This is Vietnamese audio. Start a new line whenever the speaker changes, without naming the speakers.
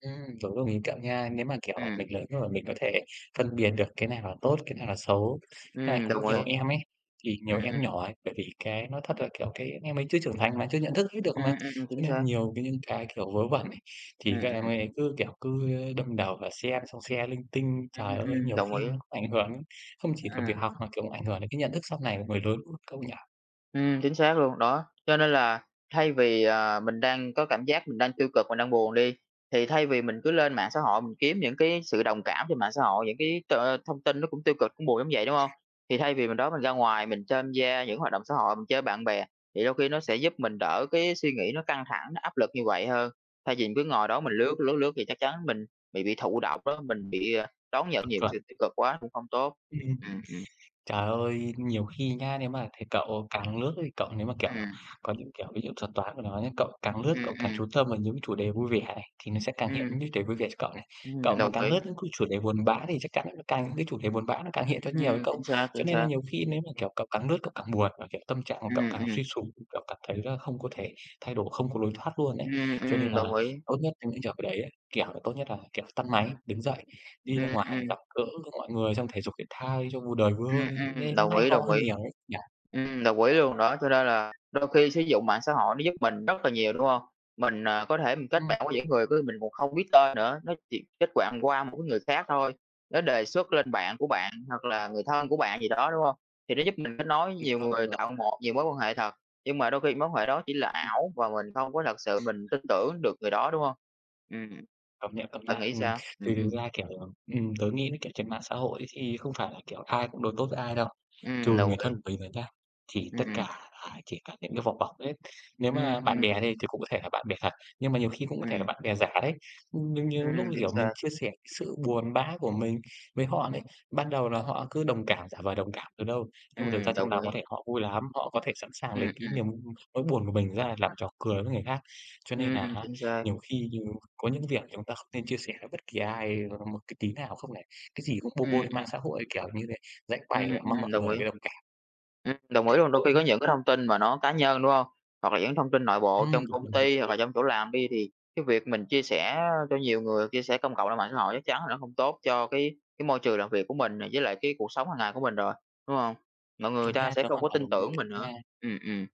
Ừm, tớ cũng đồng ý với cậu nha, nếu mà, kiểu, à,
Ừm.
mình lớn rồi mình có thể phân biệt được cái nào là tốt, cái nào là xấu. Với lại
Ừm,
cũng
đồng
nhiều
ý.
em ấy, thì nhiều
Ừm, ừm.
em nhỏ ấy, bởi vì cái nói thật là, kiểu, cái em ấy chưa trưởng thành mà, chưa nhận thức hết được
Ừm,
mà.
ừm, ừm, ừm,
Cho
chính
nên là
xác.
nhiều cái những cái, kiểu, vớ vẩn ấy thì
Ừm,
các em
ừm.
ấy ấy cứ, kiểu, cứ đâm đầu vào xem xong share linh tinh.
Ừm,
Trời
ưm,
ơi,
ưm,
nhiều
đồng
khi
ý.
nó cũng ảnh hưởng đến không chỉ là việc
À.
học mà, kiểu, ảnh hưởng đến cái nhận thức sau này người lớn luôn, cậu nhỉ?
Ừm, chính xác luôn. Đó, cho nên là thay vì, ờ, mình đang có cảm giác mình đang tiêu cực, mình đang buồn đi. Thì thay vì mình cứ lên mạng xã hội mình kiếm những cái sự đồng cảm trên mạng xã hội, những cái t thông tin nó cũng tiêu cực, cũng buồn giống vậy, đúng hông? Thì thay vì mình đó, mình ra ngoài mình tham gia những cái hoạt động xã hội, mình chơi bạn bè thì đôi khi nó sẽ giúp mình đỡ cái suy nghĩ nó căng thẳng, nó áp lực như vậy hơn. Thay vì mình cứ ngồi đó mình
Ừm.
lướt, lướt, lướt thì chắc chắn mình bị bị thụ động đó, mình bị, à, đón nhận nhiều cái
Chuẩn.
sự tiêu cực quá cũng không tốt.
Ừm.
Ừm, ừm.
Trời ơi, nhiều khi nhá, nếu mà thì cậu càng lướt ấy thì cậu nếu mà, kiểu,
Ừm.
có những, kiểu, ví dụ thuật toán của nó nhá, cậu càng lướt,
Ừm,
cậu càng
ừm.
chú tâm vào những cái chủ đề vui vẻ này, thì nó sẽ càng hiện
Ừm.
những chủ đề vui vẻ cho cậu này. Cậu
Ừm,
mà
đồng
càng lướt
ý.
những cái chủ đề buồn bã thì chắc chắn nó lại càng những cái chủ đề buồn bã nó càng hiện ra nhiều ấy
Ừm, chính
cậu.
xác,
Cho
chính
nên là
xác.
nhiều khi nếu mà, kiểu, cậu càng lướt cậu càng buồn và, kiểu, tâm trạng của cậu
Ừm,
càng
ừm.
suy sụp, cậu cảm thấy là không có thể thay đổi, không có lối thoát luôn ấy.
Ừm,
Cho nên
ừm,
là
đồng ý.
tốt nhất trong những trường hợp ở đấy ấy, kiểu là, tốt nhất là, kiểu, tắt máy, đứng dậy, đi ra
Ừm,
ngoài
ừm.
gặp gỡ mọi người, xong thể dục, thể thao đi cho vui đời, vui
Ừm,
hơn đi chứ,
ừm,
nên cũng
đồng
hay
ý,
ho
đồng
hơn
ý.
nhiều ấy nhỉ?
Ừm, đồng ý luôn, đó, cho nên là đôi khi sử dụng mạng xã hội nó giúp mình rất là nhiều, đúng hông? Mình, à, có thể mình kết
Ừm.
bạn với những người cứ mình còn không biết tên nữa, nó chỉ kết bạn qua một cái người khác thôi. Nó đề xuất lên bạn của
Ừm.
bạn hoặc là người thân của bạn gì đó, đúng hông? Thì nó giúp mình kết nối
Bình
nhiều
phẩm
người,
rồi.
tạo một nhiều mối quan hệ thật. Nhưng mà đôi khi mối quan hệ đó chỉ là
Ừm.
ảo và mình không có thật sự mình tin tưởng được người đó, đúng hông? Ưm, ừm.
Công nhận, công
Bạn
nhận.
nghĩ
Ừm,
sao? Ừm,
thì thực
ừm.
ra, kiểu là ừm, tớ nghĩ mấy kiểu trên mạng xã hội ấy thì không phải là, kiểu, ai cũng đối tốt với ai đâu. Trừ
Ừm, đồng
người
ý.
thân của mình rồi nhá, thì tất cả
Ừm.
là chỉ cả những cái vỏ bọc hết. Nếu
Ừm,
mà bạn
ừm.
bè đi thì cũng có thể là bạn bè thật, nhưng mà nhiều khi cũng có thể là
Ừm.
bạn bè giả đấy. Ừm, nhiều nhiều lúc,
Ừm,
như
chính
kiểu, mình
xác.
chia sẻ sự buồn bã của mình với họ này, ban đầu là họ cứ đồng cảm, giả vờ đồng cảm đâu đâu. Nhưng mà thực ra
Ừm,
trong
đồng
nòng
ý.
có thể họ vui lắm, họ có thể sẵn sàng lấy
Ừm,
cái
ừm.
niềm, ưm nỗi buồn của mình ra làm trò cười với người khác. Cho nên nà
Ừm,
á
chính xác.
nhiều khi nhiều có những cái việc thì chúng ta không nên chia sẻ với bất kỳ ai [unintelligible] một cái tí nào không lại cái gì cũng bô bô
Ừm,
lên mạng
ừm.
xã hội kiểu như thế, giải
Ừm.
bày và mong
ừm,
mọi
đồng
người
ý.
vô đồng cảm.
Ừm, đồng ý luôn, đôi khi có
Ừm.
những cái thông tin mà nó cá nhân, đúng hông? Hoặc là những cái thông tin nội bộ
Ừm,
trong
đúng,
công
đúng, đúng.
ty hoặc là trong chỗ làm đi thì cái việc mình chia sẻ, a, cho nhiều người, chia sẻ công cộng ra mạng xã hội chắc chắn là nó không tốt cho cái cái môi trường làm việc của mình nè, với lại cái cuộc sống hàng ngày của mình rồi, đúng hông? Mọi người người
Đúng
ta
nha,
sẽ
tớ
không
hoàn
có
toàn
tin
đồng ý
tưởng
cậu
mình nữa.
nha.
Ừm, ừm.